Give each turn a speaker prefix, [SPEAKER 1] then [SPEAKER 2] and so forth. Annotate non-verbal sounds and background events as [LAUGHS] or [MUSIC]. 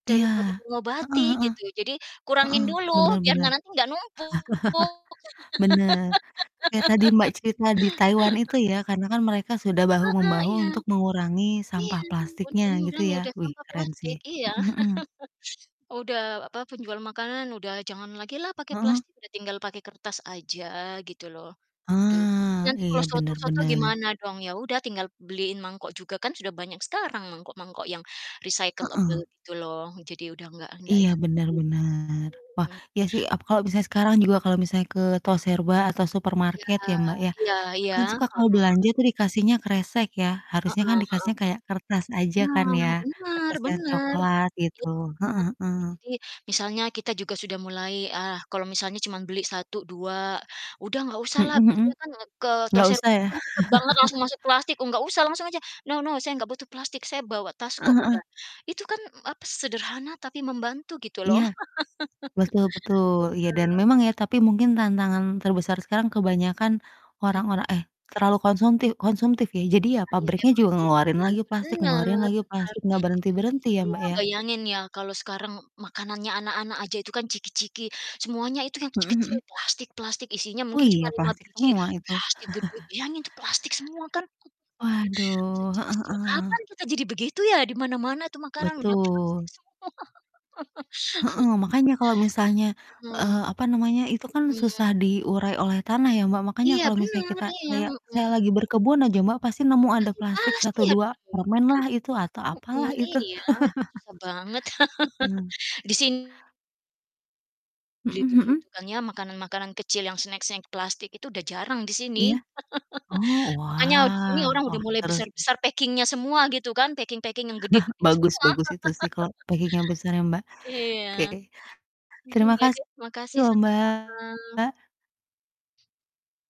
[SPEAKER 1] Iya.
[SPEAKER 2] Daripada
[SPEAKER 1] Heeh
[SPEAKER 2] mengobati,
[SPEAKER 1] heeh.
[SPEAKER 2] gitu. Jadi,
[SPEAKER 1] Heeh,
[SPEAKER 2] kurangin
[SPEAKER 1] benar
[SPEAKER 2] dulu, biar
[SPEAKER 1] benar.
[SPEAKER 2] nanti nggak numpuk.
[SPEAKER 1] [CHUCKLES] Benar. Kayak tadi Mbak cerita di Taiwan itu ya, karena kan mereka sudah
[SPEAKER 2] [LAUGHS] Heeh,
[SPEAKER 1] bahu-membahu
[SPEAKER 2] iya.
[SPEAKER 1] untuk mengurangi
[SPEAKER 2] Iya,
[SPEAKER 1] sampah
[SPEAKER 2] untuk
[SPEAKER 1] plastiknya, gitu
[SPEAKER 2] mengurangi
[SPEAKER 1] ya.
[SPEAKER 2] udah
[SPEAKER 1] Wih
[SPEAKER 2] sampah
[SPEAKER 1] keren sih.
[SPEAKER 2] plastik, iya.
[SPEAKER 1] Mhm mhm.
[SPEAKER 2] [CHUCKLES] Udah apa, penjual makanan udah jangan lagilah pakai
[SPEAKER 1] Heeh.
[SPEAKER 2] plastik, udah tinggal pakai kertas aja, gitu loh. Udah jadi
[SPEAKER 1] Ah,
[SPEAKER 2] nanti
[SPEAKER 1] iya
[SPEAKER 2] kalau
[SPEAKER 1] benar
[SPEAKER 2] soto-soto
[SPEAKER 1] benar.
[SPEAKER 2] gimana dong? Ya udah, tinggal beliin mangkok juga kan sudah banyak sekarang mangkok-mangkok yang recyclable,
[SPEAKER 1] Heeh.
[SPEAKER 2] gitu loh. Jadi udah nggak ndak
[SPEAKER 1] Iya
[SPEAKER 2] ini
[SPEAKER 1] benar
[SPEAKER 2] lagi.
[SPEAKER 1] benar. Wah,
[SPEAKER 2] Hmm.
[SPEAKER 1] iya sih, aku kalau misalnya sekarang juga kalau misalnya ke toserba atau
[SPEAKER 2] Iya
[SPEAKER 1] supermarket ya Mbak ya,
[SPEAKER 2] iya iya.
[SPEAKER 1] kan suka kalau
[SPEAKER 2] Heeh.
[SPEAKER 1] belanja tuh dikasihnya kresek ya.
[SPEAKER 2] Heeh
[SPEAKER 1] Harusnya kan
[SPEAKER 2] heeh
[SPEAKER 1] dikasihnya kayak kertas aja kan ya.
[SPEAKER 2] heeh. Nah, benar
[SPEAKER 1] Kertas yang
[SPEAKER 2] benar.
[SPEAKER 1] coklat gitu.
[SPEAKER 2] Iya.
[SPEAKER 1] Heeh
[SPEAKER 2] Ya
[SPEAKER 1] heeh.
[SPEAKER 2] jadi, misalnya kita juga sudah mulai, ah kalau misalnya cuma beli 1, 2, udah nggak
[SPEAKER 1] Mhm
[SPEAKER 2] usahlah,
[SPEAKER 1] mhm.
[SPEAKER 2] biasanya kan, eee, ke
[SPEAKER 1] Nggak
[SPEAKER 2] toserba
[SPEAKER 1] usah
[SPEAKER 2] tuh
[SPEAKER 1] ya.
[SPEAKER 2] kan cepet banget langsung
[SPEAKER 1] [CHUCKLES]
[SPEAKER 2] masuk plastik. Oh nggak usah langsung aja, "No no, saya nggak butuh plastik, saya bawa tas kok,"
[SPEAKER 1] Heeh heeh.
[SPEAKER 2] udah. Itu kan apa, sederhana tapi membantu gitu
[SPEAKER 1] Iya.
[SPEAKER 2] loh.
[SPEAKER 1] Betul betul. Iya dan
[SPEAKER 2] [LAUGHS] Bener.
[SPEAKER 1] memang ya, tapi mungkin tantangan terbesar sekarang kebanyakan
[SPEAKER 2] Mhm.
[SPEAKER 1] orang-orang eh, terlalu konsumtif konsumtif ya. Jadi ya
[SPEAKER 2] Ah iya
[SPEAKER 1] pabriknya
[SPEAKER 2] memang
[SPEAKER 1] juga
[SPEAKER 2] sih.
[SPEAKER 1] ngeluarin
[SPEAKER 2] Iya,
[SPEAKER 1] lagi plastik ngeluarin
[SPEAKER 2] benar
[SPEAKER 1] lagi
[SPEAKER 2] benar.
[SPEAKER 1] plastik, nggak
[SPEAKER 2] Ba
[SPEAKER 1] berhenti-berhenti ya
[SPEAKER 2] iya,
[SPEAKER 1] Mbak ya.
[SPEAKER 2] bayangin ya, kalau sekarang makanannya anak-anak aja itu kan ciki-ciki, semuanya itu yang
[SPEAKER 1] Mhm
[SPEAKER 2] kecil-kecil
[SPEAKER 1] Mhm.
[SPEAKER 2] plastik-plastik isinya
[SPEAKER 1] Oh
[SPEAKER 2] mungkin cuma
[SPEAKER 1] iya,
[SPEAKER 2] 5
[SPEAKER 1] plastik
[SPEAKER 2] biji,
[SPEAKER 1] semua itu.
[SPEAKER 2] plastik gede.
[SPEAKER 1] [CHUCKLES]
[SPEAKER 2] Bayangin itu plastik semua kan.
[SPEAKER 1] Waduh.
[SPEAKER 2] Sejak
[SPEAKER 1] Heeh
[SPEAKER 2] sejak
[SPEAKER 1] heeh.
[SPEAKER 2] kapan kita jadi begitu ya? Di mana-mana itu makanan udah plastik
[SPEAKER 1] Betul.
[SPEAKER 2] semua.
[SPEAKER 1] Heeh,
[SPEAKER 2] [LAUGHS]
[SPEAKER 1] makanya kalau misalnya, eee,
[SPEAKER 2] Mhm.
[SPEAKER 1] apa namanya, itu kan
[SPEAKER 2] Oh, iya.
[SPEAKER 1] susah diurai oleh tanah ya Mbak. Makanya
[SPEAKER 2] Iya
[SPEAKER 1] kalau misalnya
[SPEAKER 2] benar,
[SPEAKER 1] kita
[SPEAKER 2] iya.
[SPEAKER 1] kayak saya
[SPEAKER 2] Mhm.
[SPEAKER 1] lagi berkebun aja Mbak, pasti nemu ada
[SPEAKER 2] Pasti
[SPEAKER 1] plastik 1,
[SPEAKER 2] pasti ada
[SPEAKER 1] 2
[SPEAKER 2] nemu
[SPEAKER 1] permen
[SPEAKER 2] gitu.
[SPEAKER 1] lah, itu atau apalah
[SPEAKER 2] Mhm
[SPEAKER 1] itu.
[SPEAKER 2] iya,
[SPEAKER 1] [CHUCKLES]
[SPEAKER 2] susah banget.
[SPEAKER 1] Heeh.
[SPEAKER 2] [LAUGHS] di sin Beli
[SPEAKER 1] Mhm mhm.
[SPEAKER 2] begitu kan ya, makanan-makanan kecil yang snack-snack plastik itu udah jarang di sini.
[SPEAKER 1] Iya. Oh,
[SPEAKER 2] [CHUCKLES] Makanya kalau di sini
[SPEAKER 1] wah!
[SPEAKER 2] orang udah
[SPEAKER 1] Wah,
[SPEAKER 2] mulai
[SPEAKER 1] seru sih.
[SPEAKER 2] besar-besar packing-nya semua, gitu kan. Packing-packing yang
[SPEAKER 1] [CHUCKLES]
[SPEAKER 2] gede-gede
[SPEAKER 1] Bagus
[SPEAKER 2] semua.
[SPEAKER 1] bagus itu sih, kalau
[SPEAKER 2] [LAUGHS]
[SPEAKER 1] packing yang besar ya, Mbak.
[SPEAKER 2] Iya.
[SPEAKER 1] Oke. Terima
[SPEAKER 2] Iya
[SPEAKER 1] kasih
[SPEAKER 2] deh makasih,
[SPEAKER 1] loh
[SPEAKER 2] sama-sama.
[SPEAKER 1] Mbak.